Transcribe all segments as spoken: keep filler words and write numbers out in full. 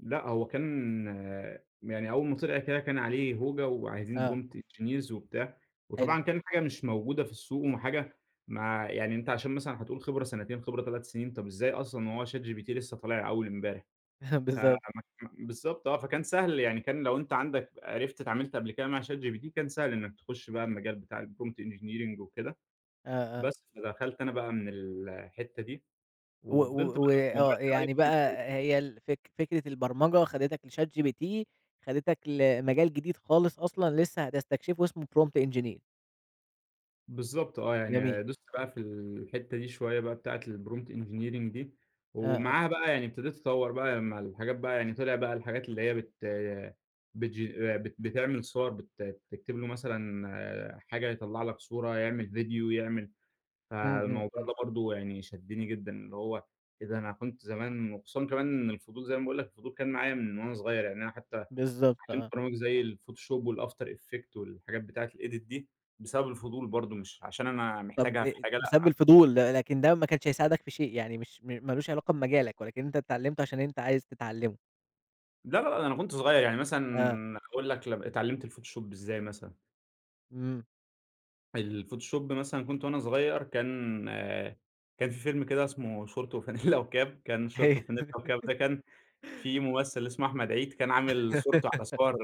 لأ هو كان يعني أول ما طِلِع كده كان عليه هوجة وعايزين آه. prompt engineers وبتاع، حلو. وطبعًا كان حاجة مش موجودة في السوق وحاجة ما يعني أنت عشان مثلًا هتقول خبرة سنتين خبرة تلت سنين طَب إزاي أصلًا وهو chatgpt لسه طالع أول إمبارح! ف بالضبط. م بالضبط آه. فكان سهل يعني كان لو أنت عندك عرِفت اتعاملت قبل كده مع chatgpt كان سهل إنك تخش بقى المجال بتاع الprompt engineering وكده، آه آه. بس فدخلت أنا بقى من ال الحتة دي و وفضِلت و بقى في موضوع وآه يعني الAI بقى [unintelligible] هي ال فك فكرة البرمجة خدتك لchatgpt، خدتك لمجال جديد خالص أصلًا لسه هتستكشفه اسمه prompt engineer. بالضبط آه. جميل. يعني دوست بقى في الحتة دي شوية بقى بتاعة prompt engineering دي آه، آه. ومعاها بقى يعني ابتديت أطوَّر بقى لما الحاجات بقى يعني طِلع بقى الحاجات اللي هي بت بتجين ب بتعمل صور بت بتكتب له مثلًا حاجة يطلَّع لك صورة، يعمل فيديو، يعمل إمم، إمم، فالموضوع إمم. ده برضو يعني شدني جدًا اللي هو، إيه ده أنا كنت زمان وخصوصًا كمان إن الفضول- زي ما باقول لك- الفضول كان معايا من وأنا صغير، يعني أنا حتى بالضبط اتعلمت آه. برامج زي الفوتوشوب والafter effect والحاجات بتاعة الedit دي بسبب الفضول برضو مش عشان أنا طَب محتاجها أ في حاجة بسبب لأ. الفضول ده لكن ده ما كانش هيساعدك في شيء يعني مش ما لوش علاقة بمجالك ولكن أنت اتعلمته عشان أنت عايز تتعلمه. لا، لا، لا ده أنا كنت صغير، يعني آه. مثلًا هاقول لك ل اتعلمت الفوتوشوب إزاي مثلًا. إمم. الفوتوشوب مثلًا كنت وأنا صغير كان كان في فيلم كده اسمه شورت وفانلة وكاب، كان شورت أيوه. وفانلة وكاب ده كان فيه ممثل اسمه أحمد عيد كان عامل صورته على صور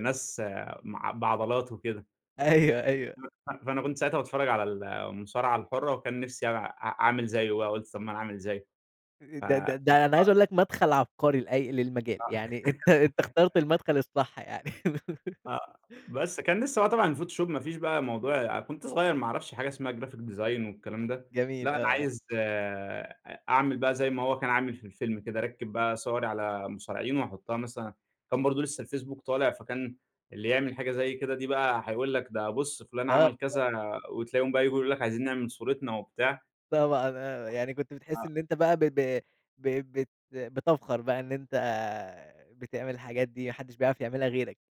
ناس مع بعضلات وكده. أيوه، أيوه. ف فأنا كنت ساعتها باتفرج على المصارعة الحرة وكان نفسي أع أعمل زيُّه بقى، قلت طَب ما أنا أعمل زيُّه، ف د د ده أنا عايز [unintelligible] أقول لك مدخل عبقري لأي للمجال، آه. يعني أنت أنت [unintelligible] اخترت المدخل الصح يعني. آه. بس كان لسه بقى طبعًا الفوتوشوب ما فيش بقى موضوع كنت صغير ما اعرفش حاجة اسمها graphic design والكلام ده، لأ جميل أنا آه، آه. عايز أ أعمل بقى زي ما هو كان عامل في الفيلم كده، أركِّب بقى صوري على مصارعين وأحطها مثلًا كان برضو لسه الفيسبوك طالع فكان اللي يعمل حاجة زي كده دي بقى هيقول لك ده بُصّ فلان آه عمل كذا [unintelligible] وتلاقيهم بقى ييجوا يقولوا لك عايزين نعمل صورتنا وبتاع. طبعًا آه. يعني كنت بتحس آه. إن أنت بقى ب ب ب بت بتفخر بقى إن أنت بتعمل الحاجات دي ما حدش بيعرف يعملها غيرك.